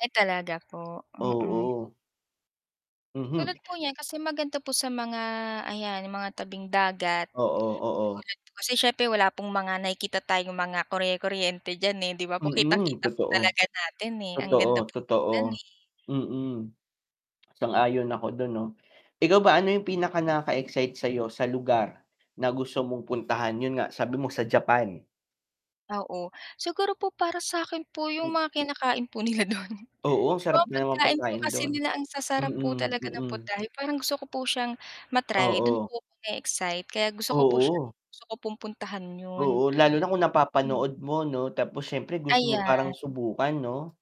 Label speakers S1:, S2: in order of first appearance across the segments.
S1: Ay talaga po, mm.
S2: Oo. Mhm.
S1: Tulad po niyan kasi maganda po sa mga ayan mga tabing dagat. Tulad
S2: Oo, oo.
S1: po kasi siyempre wala pong mga nakikita tayong mga kurye-kuryente diyan, eh, di ba po
S2: Mm,
S1: kitang-kita po
S2: totoo.
S1: talaga natin eh, ang ganda
S2: Totoo,
S1: pong tingnan
S2: totoo.
S1: eh.
S2: Mm. Sang-ayon ako do'n 'no, ikaw ba ano yung pinaka nakaka-excite sa'yo, sa lugar na gusto mong puntahan, 'yun nga sabi mo sa Japan?
S1: Oo. Siguro po para sa'kin po yung
S2: M
S1: mga kinakain po nila do'n
S2: Oo, ang
S1: 'di ba,
S2: sarap ng mga
S1: pagkain po
S2: pagkain
S1: kasi
S2: do'n.
S1: nila ang sasarap po
S2: Mm,
S1: talaga ng
S2: mm.
S1: putahe, parang gusto ko po siyang ma-try, do'n
S2: Oo.
S1: po na-e-excite kaya gusto ko po siyang
S2: Oo.
S1: gusto ko puntahan 'yun.
S2: Oo, lalo na kung
S1: Hmm.
S2: napapanood mo 'no, tapos siyempre gusto mo
S1: Ayan.
S2: parang subukan 'no?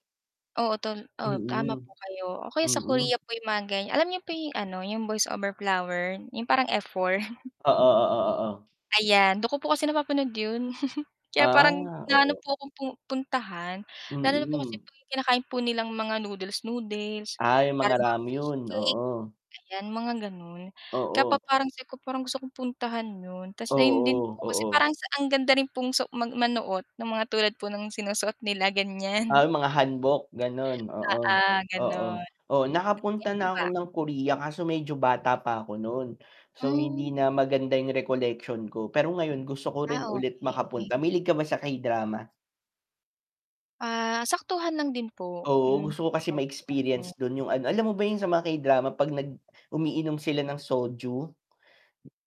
S1: Oo to oo, tama
S2: Mm.
S1: po kayo o kaya sa
S2: Mm.
S1: Korea po yung mga ganyan, alam niyo po yung ano yung Boys Over Flowers, yung parang F4?
S2: Oo, oo, oo.
S1: Ayan do'n ko po kasi napapanood 'yun kaya parang
S2: Ah,
S1: naano
S2: oo.
S1: po akong pu puntahan lalo na po kasi
S2: Mm.
S1: yung kinakain po nilang mga noodles-noodles,
S2: Ah, yung mga
S1: parang mga fish
S2: ramyun,
S1: cake
S2: oo.
S1: ayan, mga gano'n, kaya po
S2: Oo.
S1: parang sabi ko gusto kong puntahan 'yun, ta's ayun din
S2: Oo,
S1: po kasi
S2: oo.
S1: parang sa ang ganda rin pong so mag manoot ng mga tulad po ng sinusuot nila, gan'yan.
S2: Ah, yung mga hanbok, gano'n. Oo,
S1: Oo,
S2: oo,
S1: gano'n.
S2: oo,
S1: Kayo
S2: nakapunta
S1: po
S2: na ako
S1: ba?
S2: ng Korea kaso medyo bata pa ako no'n, so hindi
S1: Hmm.
S2: na maganda yung recollection ko pero ngayon gusto ko
S1: Ah,
S2: rin ulit makapunta,
S1: okey.
S2: -mahilig ka ba sa K-drama?
S1: Ah, saktuhan lang din po kung
S2: Oo,
S1: hindi
S2: gusto ko kasi
S1: naman po ano.
S2: ma-experience do'n yung ano, alam mo ba yung sa mga K-drama 'pag nag umiinom sila ng soju?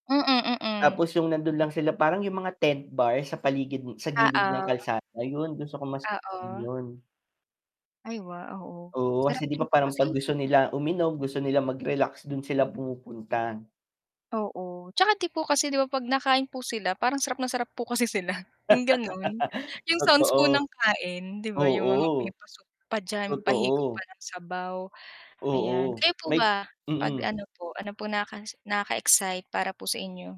S1: Mm, mm.
S2: Tapos yung nando'n lang sila, parang yung mga tent bar sa paligid sa gilid ng
S1: Oo.
S2: kalsada 'yun, gusto ko masubukan
S1: Oo.
S2: 'yun.
S1: Ay wow, oo.
S2: Oo
S1: Sarap
S2: kasi 'di
S1: din
S2: ba,
S1: ko
S2: parang
S1: kasi,
S2: 'pag
S1: eh.
S2: gusto nila uminom, gusto nila mag-relax, do'n sila pumupunta.
S1: Oo, 'tsaka 'di po kasi 'di ba, 'pag nakain po sila parang sarap na sarap po kasi sila, yung gano'n, yung sounds po
S2: Totoo.
S1: ng kain, 'di ba, yung mga may
S2: Oo.
S1: pa-soup pa diyan, may pahigop pa
S2: Totoo.
S1: ng sabaw, ayan.
S2: Oo,
S1: Kayo po
S2: may
S1: ba 'pag
S2: mm.
S1: ano po ano po naka nakaka-excite para po sa inyo?